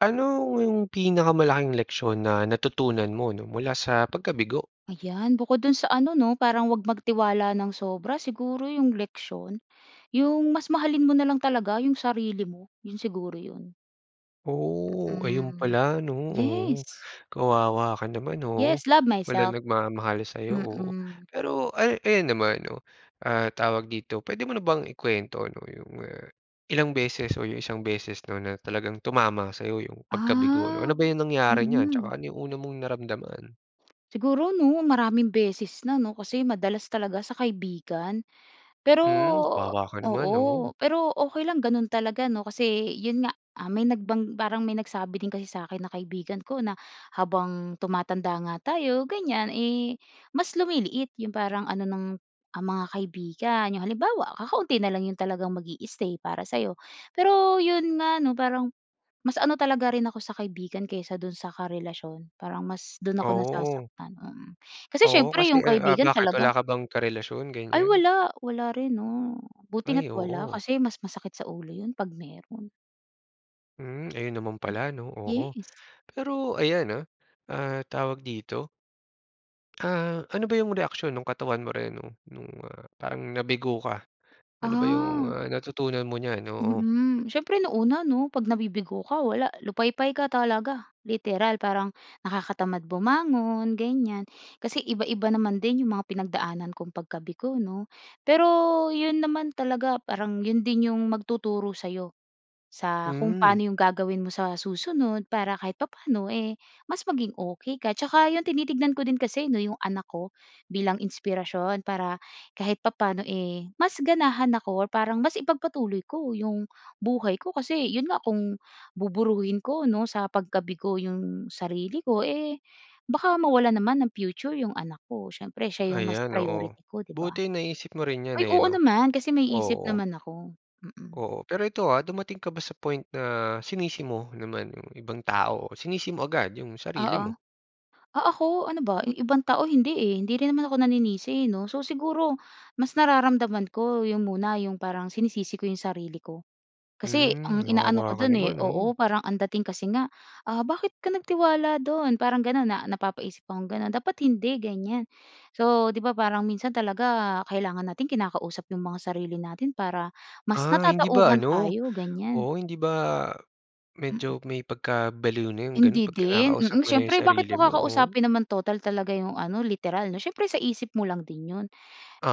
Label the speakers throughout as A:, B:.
A: Ano ‘yong pinakamalaking leksyon na natutunan mo ‘no, mula sa pagkabigo?
B: Ayan, bukod do’n sa ano ‘no, parang huwag magtiwala nang sobra. Siguro ‘yong leksiyon, ‘yong mas mahalin mo na lang talaga ‘yong sarili mo, ‘yon siguro ‘yon.
A: Oo, ayon
B: Mm,
A: pala ‘no. Oo.
B: yes.
A: Kawawa ka naman, oo.
B: Yes, love myself.
A: Walang nagmamahal sa’yo, oo.
B: Mm.
A: Pero ay ayan naman 'no, ah, tawag dito, puwede mo na bang i-kwento 'no, 'yong, ah, ilang beses o 'yong isang beses ‘no, na talagang tumama sa'yo ‘yong pagkabigo, ano?
B: Ah,
A: Ano ba 'yong nangyari niyan, tsaka
B: mm.
A: ano 'yong una mong naramdaman?
B: Siguro ‘no, maraming beses na ‘no, kasi madalas talaga sa kaibigan. Pero
A: Hmm. Kawawa ka naman,
B: oo,
A: oo.
B: pero okey lang gano’n talaga ‘no, kasi ‘yon nga, ah, may nagbang parang may nagsabi din kasi sa akin na kaibigan ko na habang tumatanda nga tayo ganiyan, eh, mas lumiliit ‘yong parang ano ng, ah, mga kaibigan. ‘Yong halimbawa, kakaunti na lang ‘yong talagang mag-i-stay para sa’yo. Pero ‘yon nga 'no, parang mas ano talaga rin ako sa kaibigan kaysa do’n sa karelasyon, parang mas do’n ako
A: Oo.
B: nasasaktan, mm. Kasi
A: Oo
B: siyempre,
A: kasi,
B: ‘yong
A: eh, ah,
B: kaibigan
A: bakit
B: talaga
A: wala ka bang karelasyon,
B: ay
A: ganiyan?
B: wala, wala rin 'no. Buti
A: Ay,
B: nga’t wala,
A: oo.
B: kasi mas masakit sa ulo ‘yon ‘pag meron.
A: Hmm, ayun naman
B: Hmm.
A: pala, 'no? Oo,
B: Yes.
A: pero ayan, ah, ah, tawag dito? Ah, ano ba 'yong reaksiyon nung katawan mo rin no, nung, ah, parang nabigo ka? Ano ba 'yong,
B: Ah.
A: ah, natutunan mo niyan? Oo.
B: Mm, siyempre, nung una, 'no? 'Pag nabibigo ka wala, lupaypay ka talaga, literal, parang nakakatamad bumangon, ganyan. Kasi iba-iba naman din 'yong mga pinagdaanan kong pagkabigo, 'no? Pero 'yon naman talaga parang 'yon din 'yong magtuturo sa'yo sa kung
A: Hmm.
B: paano 'yong gagawin mo sa susunod para kahit papaano, eh, mas maging okey ka. Tsaka, yun tinitignan ko din kasi, 'no, 'yong anak ko bilang inspirasyon para kahit papaano, eh, mas ganahan ako or parang mas ipagpatuloy ko 'yong buhay ko. Kasi 'yon nga kung buburuhin ko, 'no, sa pagkabigo 'yong sarili ko, eh, baka mawalan naman ng future 'yong anak ko. Siyempre siya 'yong mas
A: Ayan, oo.
B: priority ko, 'di ba?
A: Buti naisip mo rin 'yan,
B: Ay,
A: eh,
B: oo
A: 'no?
B: naman, kasi may isip
A: Oo.
B: naman ako. Mm.
A: Oo. Pero ito, ah, dumating ka ba sa point na sinisi mo naman yung ibang tao o sinisi mo agad yung sarili
B: Oo.
A: mo?
B: Ah ako, ano ba? 'Yong ibang tao hindi, eh. Hindi rin naman ako naninisi, 'no? So, siguro mas nararamdaman ko 'yong muna 'yong parang sinisisi ko 'yong sarili ko. Kasi
A: Mm,
B: ang inaano ko
A: kawawa ka
B: do'n, eh
A: naman, oh.
B: oo, parang ang dating kasi nga, ah, "Bakit ka nagtiwala do'n?" Parang gano'n, na napapaisip akong gano'n. "Dapat hindi," ganyan. So, 'di ba, parang minsan talaga kailangan nating kinakausap 'yong mga sarili natin para mas
A: Ah, hindi ba,
B: natatauhan
A: ano?
B: tayo, ganyan.
A: Oo, hindi ba
B: Mm.
A: medyo may pagkabaliw na 'yong gano'n
B: Hindi
A: 'pag
B: din,
A: kinakausap
B: mm.
A: mo na 'yong
B: Siyempre, bakit
A: sarili
B: mo
A: mo? Oh.
B: kakausapin naman total talaga 'yong ano literal, 'no? Siyempre sa isip mo lang din 'yon.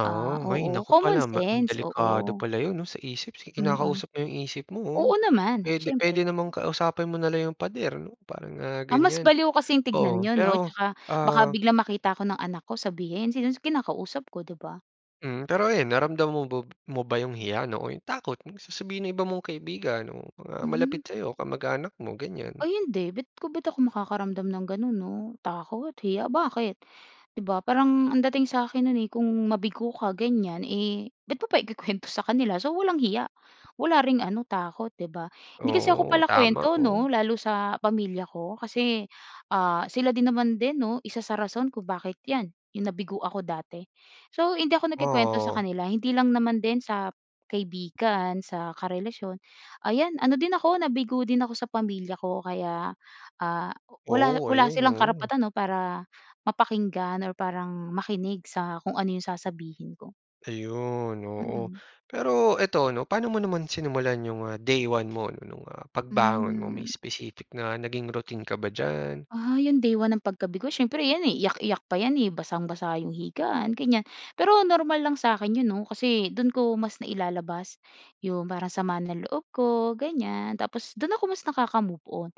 B: Ah,
A: hay
B: oo,
A: naku
B: common
A: pala ma
B: sense.
A: delikado
B: Oo.
A: pala 'yon, 'no, sa isip si
B: Mm.
A: kinakausap mo 'yong isip mo, oh.
B: Oo, naman,
A: Puwede puwede
B: siyempre.
A: namang kausapin mo na lang 'yong pader, 'no, parang, ah,
B: Ah, mas
A: ganyan,
B: baliw kasing tignan
A: oo.
B: yun, 'no?
A: Pero,
B: Tsaka baka
A: ah
B: biglang makita ako ng anak ko sabihin, sino kinakausap ko, 'di ba?
A: Hmm, pero ayun, naramdaman mo b mo ba yung hiya ‘no, o yung takot sa sasabihin ng iba mong kaibigan, o mga
B: Mhm.
A: malapit sa‘yo, kamag-anak mo ganiyan?
B: Ay hindi. Bit ko ba't ako makakaramdam ng gano'n, 'no? Takot? Hiya? Bakit? ‘Di ba? Parang ang dating sa akin no'n eh kung mabigo ka ganiyan, eh ba't mo pa ikukuwento sa kanila? So, walang hiya. Wala ring ano, takot, 'di ba? Hindi kasi ako
A: Oo, tama.
B: palakuwento
A: Oo.
B: 'no, lalo sa pamilya ko. Kasi, ah, sila din naman din 'no, 1 sa rason kung bakit 'yan, yung nabigo ako dati. So, hindi ako nagkukuwento sa
A: Oo.
B: kanila, hindi lang naman din sa kaibigan, sa karelasyon. Ayan, ano din ako, nabigo din ako sa pamilya ko kaya, ah, wala
A: Oo.
B: wala
A: Ayun,
B: silang
A: oo.
B: karapatan, ‘no, para mapakinggan or parang makinig sa kung ano yung sasabihin ko.
A: Ayun, oo.
B: Mm.
A: Pero ito, ano, paano mo naman sinimulan yung, ah, day 1 mo nung, ah, pagbangon mo? May
B: Hmm.
A: specific na naging routine ka ba diyan?
B: Ah, yung day 1 ng pagkabigo? Siyempre 'yan eh, iyak-iyak pa 'yan eh. Basang-basa yung higaan, ganiyan. Pero normal lang sa akin 'yon 'no, kasi do'n ko mas nailalabas yung parang sama ng loob ko, ganiyan. Tapos do'n ako mas nakaka-move-on.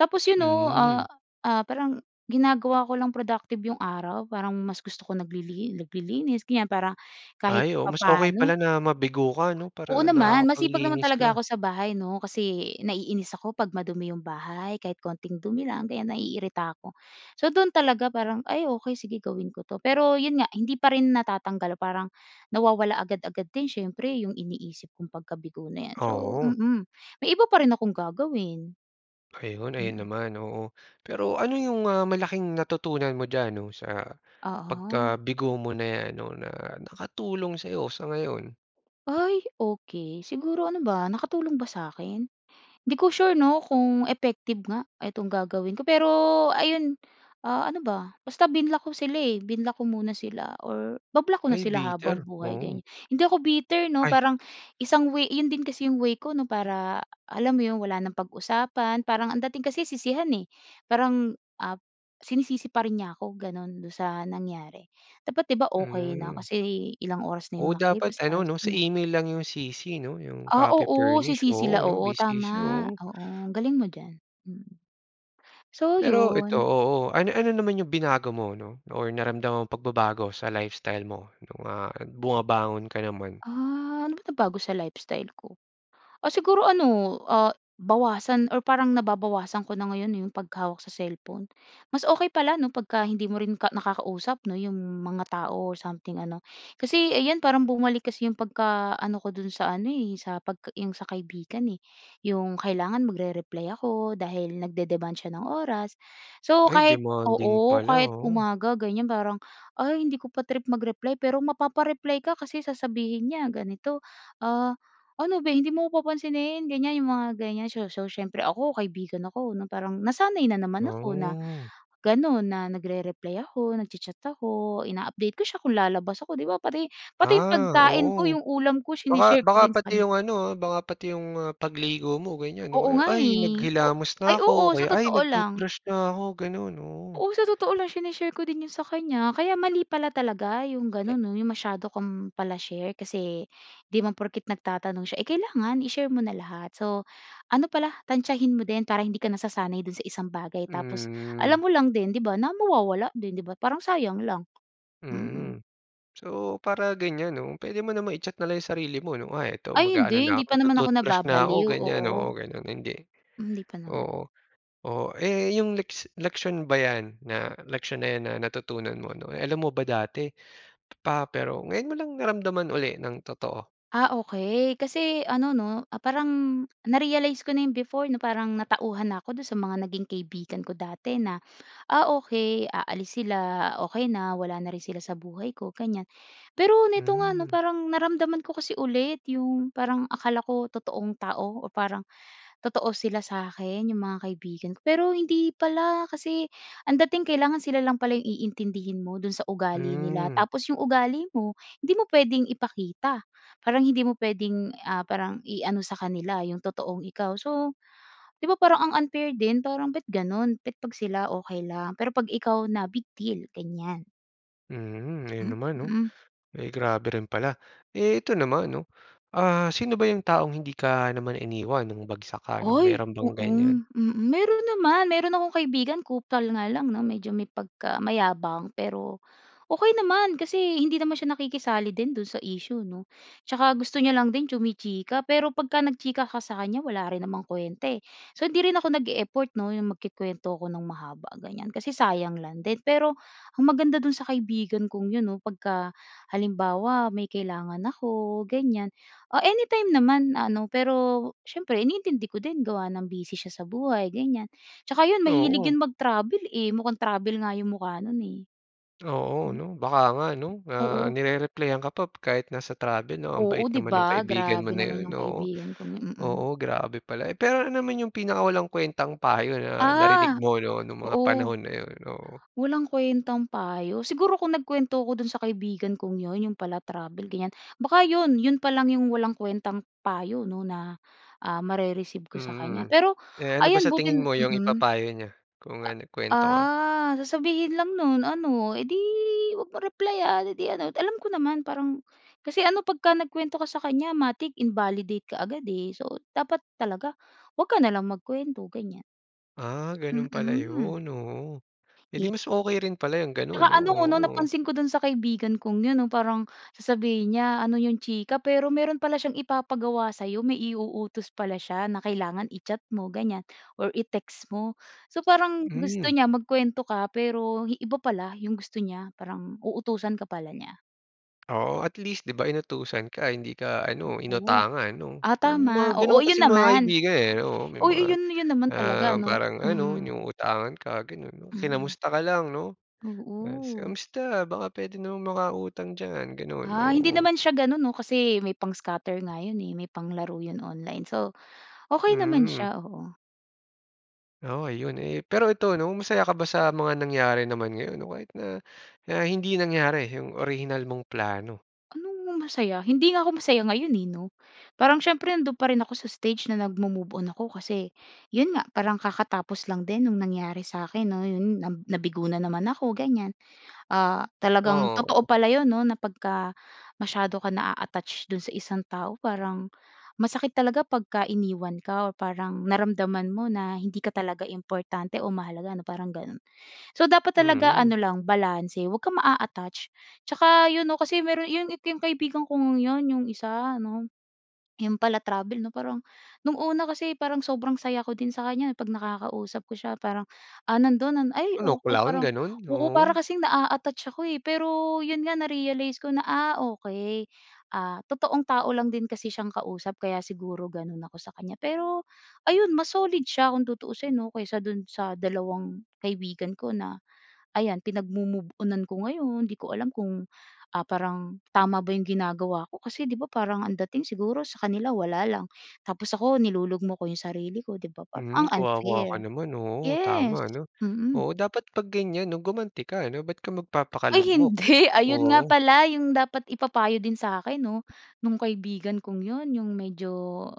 B: Tapos 'yon ‘no, ah,
A: Mm.
B: ah, parang ginagawa ko lang productive yung araw, parang mas gusto ko naglili naglilinis, ganiyan, para kahit
A: Ay, oo. Mas okey pala
B: papaano.
A: na mabigo ka, 'no, para
B: Oo, naman. Masipag naman
A: nakakapaglinis
B: talaga
A: ka.
B: ako sa bahay, 'no? Kasi naiinis ako ‘pag madumi yung bahay, kahit konting dumi lang, ganiyan, naiirita ako. So, do’n talaga parang, ay okey sige gawin ko 'to, pero yun nga, hindi pa rin natatanggal parang nawawala agad-agad din siyempre, yung iniisip kung pagkabigo na ‘yan. So,
A: Oo.
B: mm, may iba pa rin akong gagawin.
A: Ayun. Ayun
B: Mm.
A: naman, oo. Pero ano yung, ah, malaking natutunan mo diyan ‘no, sa
B: Oo.
A: pagkabigo mo na ‘yan ‘no, na nakatulong sa'yo sa ngayon?
B: Ay, okey. Siguro ano ba, nakatulong ba sa akin? Hindi ko sure 'no, kung effective nga itong gagawin ko, pero ayun. Ah, ano ba? Basta binlock ko sila eh, binlock ko muna sila or ba-block ko na
A: Ay,
B: sila habang
A: bitter,
B: buhay,
A: oo.
B: ganiya hindi ako bitter, 'no?
A: Ay.
B: Parang isang way 'yon din kasi yung way ko, 'no, para, alam mo 'yon, wala nang pag-usapan. Parang ang dating kasi sisihan eh. Parang, ah, sinisisi pa rin niya ako, gano'n, do'n sa nangyari. Dapat, 'di ba, okey na
A: Mm.
B: kasi ilang oras na yung
A: Oo, dapat
B: nakalipas,
A: ano,
B: ayos
A: ‘no? Sa
B: na.
A: email lang yung CC, ‘no? Yung
B: Ah,
A: copy
B: oo. Si
A: furnish.
B: CC
A: Oo,
B: la
A: no’,
B: oo,
A: busy siya
B: tama,
A: oh.
B: oo. Ang galing mo diyan, mm. So,
A: Pero ito,
B: yun.
A: oo. Ano-ano naman yung binago mo, ‘no? Or naramdamang pagbabago sa lifestyle mo nung, ah, bumabangon ka naman?
B: Ah, ano ba nabago sa lifestyle ko? Ah, siguro ano, ah, bawasan or parang nababawasan ko na ngayon eh, yung paghawak sa cellphone. Mas okey pala 'no, pagka hindi mo rin ka nakakausap 'no, yung mga tao o something ano. Kasi 'yan parang bumalik kasi yung pagkaano ko do'n sa ano eh, sa pagka yung sa kaibigan eh. Yung kailangan magre-reply ako dahil nagde-demand siya ng oras. So,
A: Ay,
B: kahit,
A: demanding
B: oo,
A: pala
B: kahit
A: ah.
B: umaga ganiyan parang, ay, hindi ko pa trip mag-reply pero mapapa-reply ka kasi sasabihin niya ganito, “Ah, ano beh, hindi mo ako papansinin?” Ganiyan, yung mga ganiyan. So so siyempre ako, kaibigan ako, na parang nasanay na naman ako na
A: Oh.
B: gano'n, na nagre-reply ako, nagcha-chat ako, ina-update ko siya kung lalabas ako. ‘Di ba pati pati yung
A: Ah,
B: pagkain ko,
A: oo.
B: yung ulam ko,
A: Baka
B: sine-share ko
A: baka
B: din sa
A: pati
B: kanya.
A: yung ano, ah, baka pati yung mga pagligo mo ganiyan
B: Oo
A: o kaya,
B: nga
A: “Ay,
B: eh. O
A: naghilamos
B: ay,
A: na ako,” o
B: oo, sa
A: kaya, “Ay,
B: totoo lang.
A: nag-toothbrush na ako.” Ganun, oo.
B: Oo, sa totoo lang shine-share ko din 'yon sa kanya, kaya mali pala talaga yung gano'n,
A: Yan.
B: 'no? Yung masyado kang pala-share kasi 'di naman porket nagtatanong siya eh kailangan i-share mo na lahat. So, ano pala, tantiyahin mo din para hindi ka nasasanay do'n sa isang bagay, tapos alam
A: Hmm.
B: mo lang din, 'di ba, na mawawala din, 'di ba? Parang sayang lang. Mm.
A: Mm. So, para ganiyan ‘no, puwede mo naman i-check nalang yung sarili mo, ‘no? Kunwari ito,
B: Ay
A: mag-aano
B: hindi.
A: na
B: Hindi
A: ako,
B: pa naman ako
A: magtu-toothbrush na ako,
B: nababaliw,
A: ganiyan. Oo,
B: oo.
A: gano'n, hindi
B: Hindi pa naman.
A: Oo, oo. Eh, yung leks leksiyon ba 'yan na,
B: Aha.
A: leksiyon na natutunan mo, ‘no, alam mo ba dati pa, pero ngayon mo lang naramdaman uli nang totoo?
B: Ah, okey. Kaso ano 'no, parang na-realize ko na yung before na parang natauhan na ako do'n sa mga naging kaibigan ko dati na, "Ah, okey, aalis sila. Ah, okey na wala na rin sila sa buhay ko," ganiyan. Pero nito nga, 'no,
A: Hmm.
B: parang naramdaman ko kasi ulit yung parang akala ko totoong tao o parang totoo sila sa akin, yung mga kaibigan, pero hindi pala kasi ang dating kailangan sila lang pala yung iintindihin mo do'n sa ugali nila.
A: Hmm.
B: Tapos yung ugali mo, hindi mo puwedeng ipakita. Parang hindi mo puwedeng, ah, parang iano sa kanila yung totoong ikaw. So, 'di ba, parang ang unfair din parang, ba’t gano'n? Ba’t 'pag sila, okey lang, pero 'pag ikaw na, big deal, ganiyan.
A: Mm, ayun naman 'no,
B: Mm.
A: eh, grabe rin pala. Eh, ito naman 'no, ah, sino ba yung taong hindi ka naman iniwan nung bagsak ka,
B: Ay,
A: meron
B: oo,
A: bang ganiyan?
B: mm, meron naman, meron akong kaibigan kupal nga lang 'no medyo may pagka mayabang, pero okey naman kasi hindi naman siya nakikisali din dun sa issue 'no, tsaka gusto niya lang din chumi-chika pero pagka nagchika ka sa kanya wala rin namang kwenta, eh. So, hindi rin ako nag-e-effort 'no yung magkukuwento ako ng mahaba ganiyan kasi sayang lang din, pero ang maganda dun sa kaibigan kong yun 'no pagka halimbawa may kailangan ako ganiyan, ah, anytime naman ano pero siyempre iniintindi ko din gawa ng busy siya sa buhay ganiyan, tsaka yun mahilig
A: Oo.
B: yun mag-travel, eh, mukhang travel nga yung mukha no'n eh.
A: Oo
B: Hmm.
A: 'no, baka nga 'no, ah,
B: Oo.
A: ni-re-replyan ka pa kahit nasa travel 'no, ang
B: Oo
A: bait
B: di
A: naman nung
B: ba,
A: kaibigan mo
B: grabe
A: na
B: naman
A: 'yon
B: yung
A: oo,
B: kaibigan kong 'yon mm.
A: oo grabe pala. Eh, pero ano naman yung pinakawalang kuwentang payo na narinig
B: Ah,
A: mo no nung mga
B: oo.
A: panahon na yun? Oo.
B: Walang kwentang payo, siguro kung nagkuwento ko dun sa kaibigan kong yun, yun pala travel ganiyan baka yun yun pa lang yung walang kwentang payo 'no na, ah, mare-receive ko sa kanya
A: Mm,
B: pero
A: eh, ano ba
B: ayan
A: sa
B: buti
A: tingin mo 'yung
B: mm,
A: ipapayo niya, kung ano
B: a
A: nagkuwento ka?
B: ah, sasabihin lang nun ano, "Eh, di 'wag mong replayan, eh di ano," alam ko naman parang kasi ano 'pagka nagkuwento ka sa kanya matic invalidate kaagad, eh, so dapat talaga 'wag ka na lang magkuwento ganiyan.
A: Ah, gano'n pala
B: Mm.
A: yun, oo, eh, di
B: Ye
A: mas okey rin pala yung gano'n
B: Tsaka
A: 'no,
B: ano 'no
A: oo.
B: napansin ko do'n sa kaibigan kong 'yon 'no parang sasabihin niya, "Ano yung chika?" Pero meron pala siyang ipapagawa sa'yo, may i-uutos pala siya na kailangan i-chat mo ganiyan or i-text mo. So parang gusto
A: Hmm.
B: niya magkuwento ka hi pero iba pala yung gusto niya, parang uutusan ka pala niya.
A: Oo at least, di ba, inutusan ka, hindi ka ano,
B: Oo.
A: inutangan 'no.
B: Ah,
A: May mga
B: tama. Oo,
A: ganun
B: yun
A: kasing mga
B: naman.
A: kaibigan, eh, oo. May
B: Oo,
A: mga,
B: yun yun naman talaga
A: ah,
B: ano.
A: parang ano,
B: Mm.
A: 'yung utangan ka, ganun.
B: Mm.
A: Kinamusta ka lang 'no, tas,
B: Oo.
A: "Kumusta? Baka puwede namang makautang diyan," ganun.
B: Ah, hindi
A: Oo.
B: naman siya ganun 'no, kasi may pang-scatter nga yun, eh, may panglaro yun online. So, okey naman
A: Mm.
B: siya. Oo.
A: Oo, ayun, eh. Pero ito ano, masaya ka ba sa mga nangyari naman ngayon? O kahit na na hindi nangyari yung orihinal mong plano.
B: Anong masaya? Hindi nga ako masaya ngayon, eh, 'no. Parang siyempre nandun pa rin ako sa stage na nagmo-move-on ako kasi yun nga, parang kakatapos lang din nung nangyari sa'kin 'no, yun na nabigo na naman ako, ganiyan. Ah, talagang totoo
A: Oo.
B: pala yun 'no, na pagka masyado ka naa-attach dun sa isang tao parang masakit talaga pagka iniwan ka o parang naramdaman mo na hindi ka talaga importante o mahalaga ano, parang ganun. So, dapat talaga
A: Mm.
B: ano lang, balanse. 'Wag kang maa-aattach. Tsaka yun 'no, kasi meron yun yung kaibigan kong yun, yung isa ano, 'yung pala-travel 'no. Parang nung una kasi parang sobrang saya ko din sa kanya 'pag nakakausap ko siya parang, ah, nandun ay
A: Ano,
B: oo,
A: clown
B: parang
A: ganun?
B: oo, para
A: Oo.
B: kasing naa-attach ako, eh. Pero yun nga na-realize ko na, ah, okey. Ah, totoong tao lang din kasi siyang kausap kaya siguro ganun ako sa kanya, pero ayun mas solid siya kung tutuusin 'no kaysa dun sa dalawang kaibigan ko na ayan, pinagmo-move-onan ko ngayon. Hindi ko alam kung, ah, parang tama ba yung ginagawa ko kasi di ba parang ang dating siguro sa kanila wala lang tapos ako nilulugmok ko yung sarili ko, di ba, parang
A: Mm.
B: ang
A: Kawawa ka
B: unfair.
A: naman, oo,
B: Yes.
A: tama 'no.
B: Mm.
A: Oo, dapat 'pag ganiyan 'no, gumanti ka 'no. Ba't ka
B: Ay
A: magpapakalugmok?
B: hindi. Ayun nga
A: Oo.
B: pala yung dapat ipapayo din sa'kin 'no, nung kaibigan kong yun. Yung medyo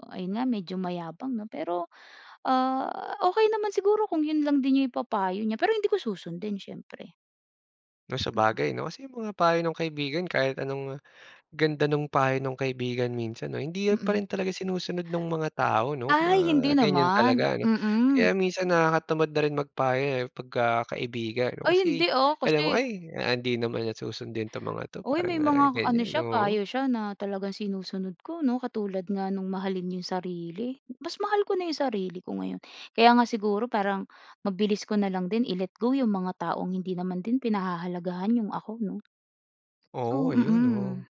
B: ayun nga, medyo mayabang 'no, pero, ah, okey naman siguro kung yun lang din yung ipapayo niya, pero hindi ko susundin siyempre.
A: 'No,
B: Mhm.
A: sabagay 'no, kasi 'yung mga payo ng kaibigan, kahit anong ganda nung payo ng kaibigan, minsan 'no, hindi pa
B: Mm.
A: rin talaga sinusunod ng mga tao 'no,
B: Ay,
A: mga
B: hindi
A: ganiyan
B: naman,
A: talaga ano.
B: mm.
A: Kaya minsan nakakatamad na rin magpayo, eh, pagka kaibigan,
B: Ay,
A: kasi
B: hindi, ah,
A: alam mo,
B: kasi
A: ay, ah, hindi naman susundin 'to ng mga 'to,
B: Uy, may
A: parang
B: mga ano
A: ganiyan,
B: siya,
A: oo.
B: payo siya na talagang sinusunod ko 'no, katulad nga no'ng mahalin 'yong sarili, mas mahal ko na 'yong sarili ko ngayon, kaya nga siguro parang mabilis ko na lang din i-let go 'yong mga taong hindi naman din pinahahalagahan 'yong ako 'no. So,
A: Oo, ayun,
B: mm,
A: oo.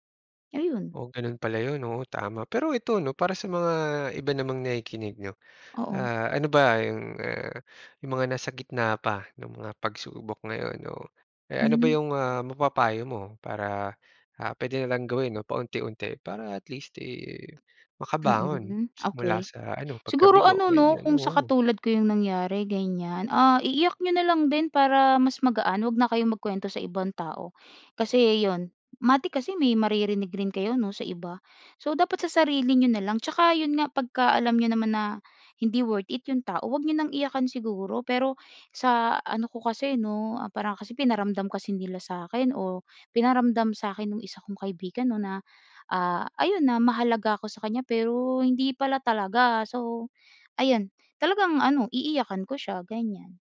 B: ayun.
A: Oh, gano'n pala 'yon, oo, tama. Pero ito 'no, para sa mga iba namang nakikinig 'no,
B: Oo.
A: ah, ano ba 'yong, ah, 'yong mga nasa gitna pa ng mga pagsubok ngayon, no? Eh, ano ba
B: Hmm.
A: 'yong ah, mapapayo mo para, ah, puwede na lang gawin 'no, paunti-unti para at least, eh, makabangon
B: Mm,
A: mula
B: okey.
A: sa ano,
B: Siguro
A: pagkabigo,
B: ano, 'no,
A: ganiyan?
B: kung sa
A: Oo.
B: katulad ko 'yong nangyari, ganiyan, ah, iiyak niyo na lang din para mas magaan, huwag na kayong magkuwento sa ibang tao kasi 'yon, matik kasi may maririnig rin kayo 'no sa iba, so dapat sa sarili niyo na lang. Tsaka 'yon nga, pagkaalam niyo naman na hindi worth it 'yong tao, huwag niyo nang iyakan siguro. Pero sa ano ko kasi 'no, ah, parang kasi pinaramdam kasi nila sa akin, o pinaramdam sa akin nung isa kong kaibigan 'no na, ah, ayun na, mahalaga ako sa kanya, pero hindi pala talaga. So ayun, talagang ano, iiyakan ko siya ganiyan.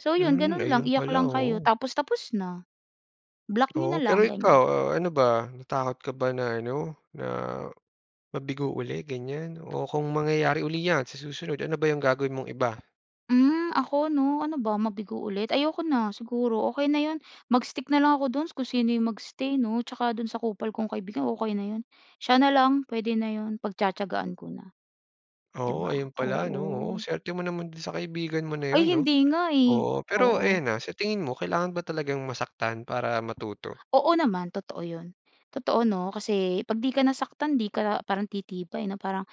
B: So 'yon,
A: Hmm,
B: gano'n lang,
A: ayun
B: iyak
A: pala
B: lang kayo
A: oo.
B: tapos, tapos na, block niyo na
A: Oo, pero
B: lang gano'n.
A: ikaw, ah, ano ba, natakot ka ba na, ano na, mabigo uli ganiyan, o kung mangyayari uli 'yan sa susunod, ano ba 'yung gagawin mong iba?
B: Hmm, ako ‘no, ano ba, mabigo ulit? Ayoko na, siguro, okey na ‘yon, mag-stick na lang ako do’n, kung sino ‘yong mag-stay 'no, tsaka do’n sa kupal kong kaibigan, okey na ‘yon. Siya na lang, puwede na ‘yon, pagtiyatiyagaan ko na, ‘di
A: Oo,
B: ba?
A: ayon pala, 'no, oo,
B: Oo.
A: suwerte mo naman do'n sa kaibigan mo na
B: Ay,
A: ‘yon, 'no?
B: hindi nga, eh.
A: Oo, pero
B: Oo.
A: ayan, ah, sa tingin mo, kailangan ba talagang masaktan para matuto?
B: Oo naman, totoo ‘yon. Totoo, ‘no, kasi, pag ‘di ka nasaktan, ‘di ka parang titibay, 'no? Parang,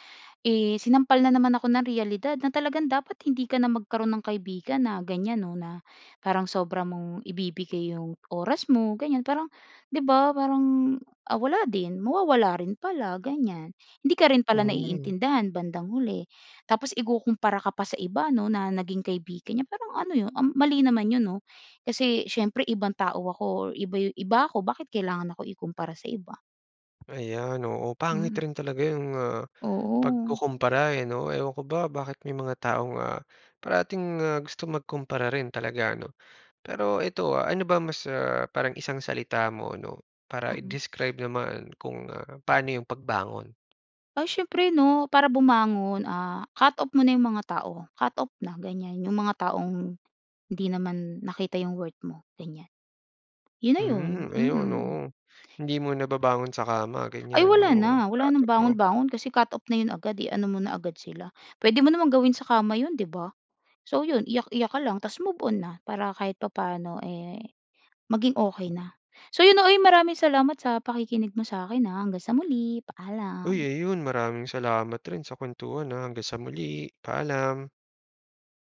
B: eh, sinampal na naman ako ng reyalidad na talagang dapat, hindi ka na magkaroon ng kaibigan na gan'yan, ‘no, na parang sobra mong ibibigay ‘yong oras mo, gan'yan, parang ‘di ba, parang, ah, wala din, mawawala rin pala, gan'yan. Hindi ka rin pala
A: Hmm.
B: naiintindihan bandang huli. Tapos, ikukumpara ka pa sa iba ‘no, na naging kaibigan niya, parang ano ‘yon, um, mali naman 'yon, ‘no. Kasi, siyempre, ibang tao ako or iba 'yu iba ako, bakit kailangan ako ikumpara sa iba.
A: Ayan, oo, pangit
B: Mm.
A: rin talaga ‘yong, ah,
B: Oo.
A: pagkukumpara, eh, 'no? Ewan ko ba, bakit may mga taong, ah, parating, ah, gustong magkumpara rin talaga, 'no? Pero ito, ah, ano ba mas, ah, parang isang salita mo ‘no, para
B: Mm.
A: i-describe naman kung, ah, paano ‘yong pagbangon?
B: Ay, siyempre ‘no, para bumangon, ah, cut off mo na 'yong mga tao, cut off na, ganyan. 'Yong mga taong, hindi naman nakita ‘yong worth mo, gan'yan, ‘yon na ‘yon.
A: Hmm, ayon,
B: Mm.
A: oo. Hindi muna babangon sa kama,
B: Ay,
A: gan'yan,
B: wala
A: oo,
B: na,
A: ah,
B: wala nang
A: totoo.
B: bangon-bangon kasi cut off na ‘yon agad, eh. I-ano mo na agad sila, puwede mo namang gawin sa kama ‘yon, ‘di ba? So, ‘yon, iyak-iyak ka lang, tapos move-on na, para kahit papaano, eh, maging okey na. So, ‘yon 'no, uy maraming salamat sa pakikinig mo sa akin, ah. Hanggang sa muli,
A: Uy,
B: paalam.
A: ayon, maraming salamat rin sa kwentuhan, ah, hanggang sa muli, paalam.